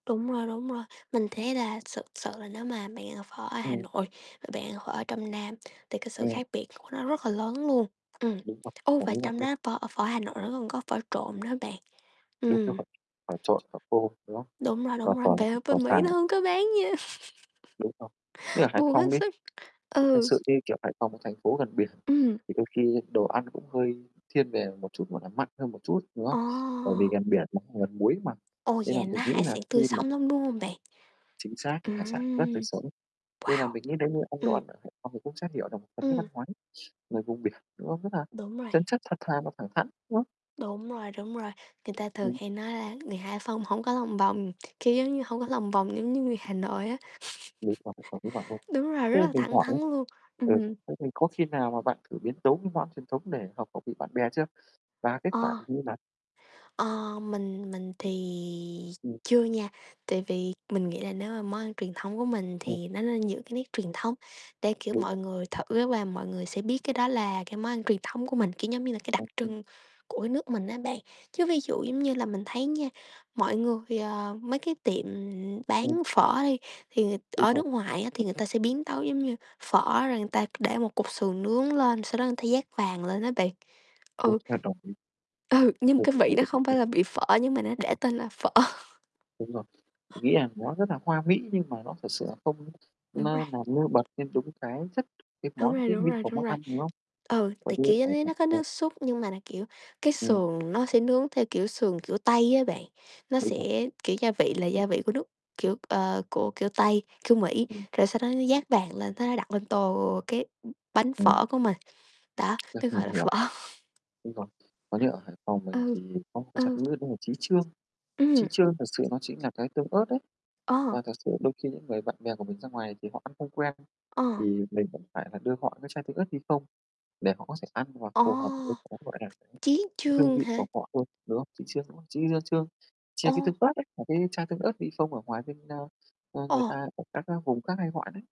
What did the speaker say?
Đúng rồi, đúng rồi. Mình thấy là sực sự là nếu mà bạn ăn phở ở Hà Ừm. Nội và bạn ăn phở ở trong Nam thì cái sự Ừm. khác biệt của nó rất là lớn luôn, ừm. Đúng vậy. Ô, và Đồng ý bạn trong luôn. đó phở, ờ, phở Hà Nội nó còn có phở trộn nữa hả bạn? Đúng Ừm. rồi. Phở trộn, phở khô, đúng không? Đúng rồi, Và đúng rồi, phở về ở phở bên Mỹ nó xào. hông có bán gì hết. Đúng rồi, như ở Hải Buồn Phòng hết đi sức, thì thật ừ. sự thì, kiểu, Hải Phòng một thành phố gần biển Ừm. thì đôi khi đồ ăn cũng hơi thiên về một chút, gọi là, mặn hơn một chút, đúng không? Bởi vì Ồ! gần biển mà cũng gần muối mà, Ôi! nên là Vậy nó mình nghĩ hải nà sản khi tươi mà sống lắm, đúng hông bạn? Chính xác, hải sản rất tươi Ừm, sống. Nên là wow! mình nghĩ nếu như ăn đồ Ừm. ăn ở Hải Phòng cũng sẽ hiểu được một phần nét văn Ừm. hóa đấy, người vùng biển, đúng không? Rất là Đúng rồi. chân chất, thật thà mà thẳng thắn, đúng không? Đúng rồi, đúng rồi. Người ta thường Ừm. hay nói là người Hải Phòng hổng có lòng vòng, kiểu, giống như hổng có lòng vòng giống như người Hà Nội á. Lựa chọn là phí hoài thôi. Đúng rồi, rất Thế là mình thẳng hỏi nhá thắn luôn, ừ, thế ừm. thế mình có khi nào mà bạn thử biến tấu mấy món truyền thống để hợp khẩu vị bạn bè chưa? Và kết quả Ờ. thì như nào? Ờ, mình mình thì Ừm. chưa nha, tại vì mình nghĩ là nếu mà món ăn truyền thống của mình Ừm. thì nó nên giữ cái nét truyền thống để, kiểu, Đúng mọi rồi. người thử và mọi người sẽ biết cái đó là cái món ăn truyền thống của mình, kiểu, giống như là cái đặc [unintelligible] trưng của cái nước mình á bạn. Chứ ví dụ giống như là mình thấy nha, mọi người, ờ mấy cái tiệm, ừm, bán Ừm. phở đi, thì người Đúng ở rồi. nước ngoài á, thì người ta sẽ biến tấu giống như phở rồi người ta để một cục sườn nướng lên, sau đó người ta dát vàng lên á bạn, ừ. Ừ, nhưng mà cái vị đó không phải [unintelligible] là vị phở, nhưng mà nó để tên là phở. Đúng rồi. Mình nghĩ là nó rất là hoa mỹ, nhưng mà nó thực sự là không Đúng rồi. ma làm nêu bật lên đúng cái chất, cái Đúng món rồi, quý đúng mĩ rồi, của đúng món rồi. ăn, đúng không? Ừ, Bởi thì, vì, kiểu, giống ẩm như thực, nó có ờ nước súp nhưng mà nà, kiểu, cái Ừm. sườn nó sẽ nướng theo, kiểu, sườn kiểu Tây á bạn, nó Đúng rồi. sẽ kiểu, gia vị là gia vị của nước kiểu, ờ, của, kiểu, Tây, kiểu, Mỹ, Ừm. rồi sau đó nó dát vàng lên, thế nó đặt lên tô cái, ưm, bánh Ừm. phở của mình. Đó, Đắt tui hơn gọi là nhiều. phở. Đúng rồi. Còn như ở Hải Phòng mình Ừ, thì có một cái ừ. [unintelligible] đó là Chí Chương. Chí Ừm. Chương thật sự nó chính là cái tương ớt đấy. Ờ. Và thực sự đôi khi những người bạn bè của mình ra ngoài thì họ ăn không quen Ờ. thì mình vẫn phải là đưa họ cái chai tương ớt Vifon, để họ có thể ăn và Ồ! phù hợp với cái, gọi là, cái Chí cái hương chương vị hả? của họ thôi, đúng không? Chí Chương, đúng không? Chí, ơ, Chương, chia Ô! cái tương ớt ấy, là cái chai tương ớt Vifon ở ngoài bên ơ, ơ, Ồ! người ta ở các vùng khác hay gọi đấy.